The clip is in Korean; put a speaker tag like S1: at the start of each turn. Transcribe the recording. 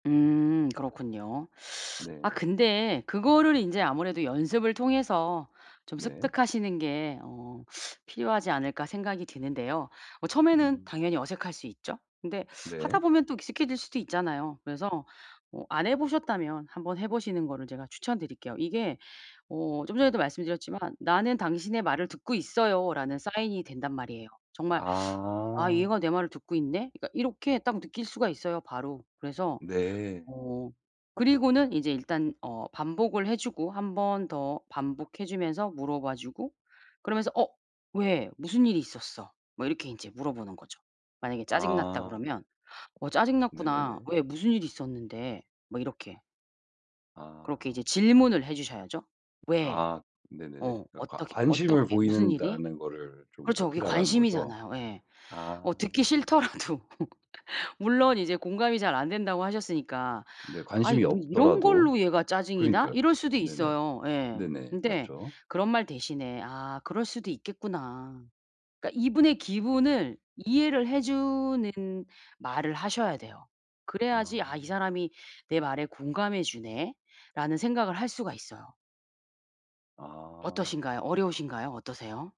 S1: 음 그렇군요. 아
S2: 네.
S1: 근데 그거를 인제 아무래도 '연습을 통해서 좀
S2: 네.
S1: 습득하시는 게 어 필요하지 않을까?' 생각이 드는데요. 어 처음에는
S2: 음.
S1: 당연히 어색할 수 있죠. 근데 하다
S2: 네.
S1: 보면 또 익숙해질 수도 있잖아요. 그래서 뭐 안 해 보셨다면 한번 해 보시는 거를 제가 추천드릴게요. 이게 어 좀 전에도 말씀드렸지만 "나는 당신의 말을 듣고 있어요."라는 사인이 된단 말이에요. 정말 '아
S2: 아.
S1: 얘가 내 말을 듣고 있네.' 그러니까 이렇게 딱 느낄 수가 있어요 바로. 그래서
S2: 네.
S1: 어 그리고는 이제 일단 어 반복을 해 주고 1 번 더 반복해 주면서 물어봐 주고 그러면서 "어 왜? 무슨 일이 있었어?" 뭐 이렇게 인제 물어보는 거죠. 만약에 짜증 났다
S2: 아.
S1: 그러면 "어 짜증 났구나.
S2: 네네네.
S1: 왜 무슨 일이 있었는데?" 뭐 이렇게.
S2: 아.
S1: 그렇게 이제 질문을 해 주셔야죠. "왜?"
S2: 아. 네네네.
S1: 어.
S2: 그러니까 과
S1: "어떻게
S2: 관심을
S1: 어떻게 무슨
S2: 보이는
S1: 일이?"
S2: 다는 거를 좀
S1: 그렇죠. 그게
S2: 어필하라는 거죠?
S1: 관심이잖아요. 예. 어
S2: 아.
S1: 듣기 싫더라도. 물론 이제 공감이 잘 안 된다고 하셨으니까
S2: 네
S1: '아 이
S2: 관심이
S1: 뭐 이런
S2: 없더라도.
S1: 걸로 얘가 짜증이 나?'
S2: 그러니까요.
S1: 이럴 수도
S2: 네네.
S1: 있어요. 예.
S2: 네네.
S1: 근데
S2: 맞죠.
S1: 그런 말 대신에 '아 그럴 수도 있겠구나.' 그러니까 이분의 기분을 이해를 해 주는 말을 하셔야 돼요. 그래야지
S2: 아.
S1: '아 이 사람이 내 말에 공감해 주네.'라는 생각을 할 수가 있어요.
S2: 아.
S1: 어떠신가요? 어려우신가요? 어떠세요?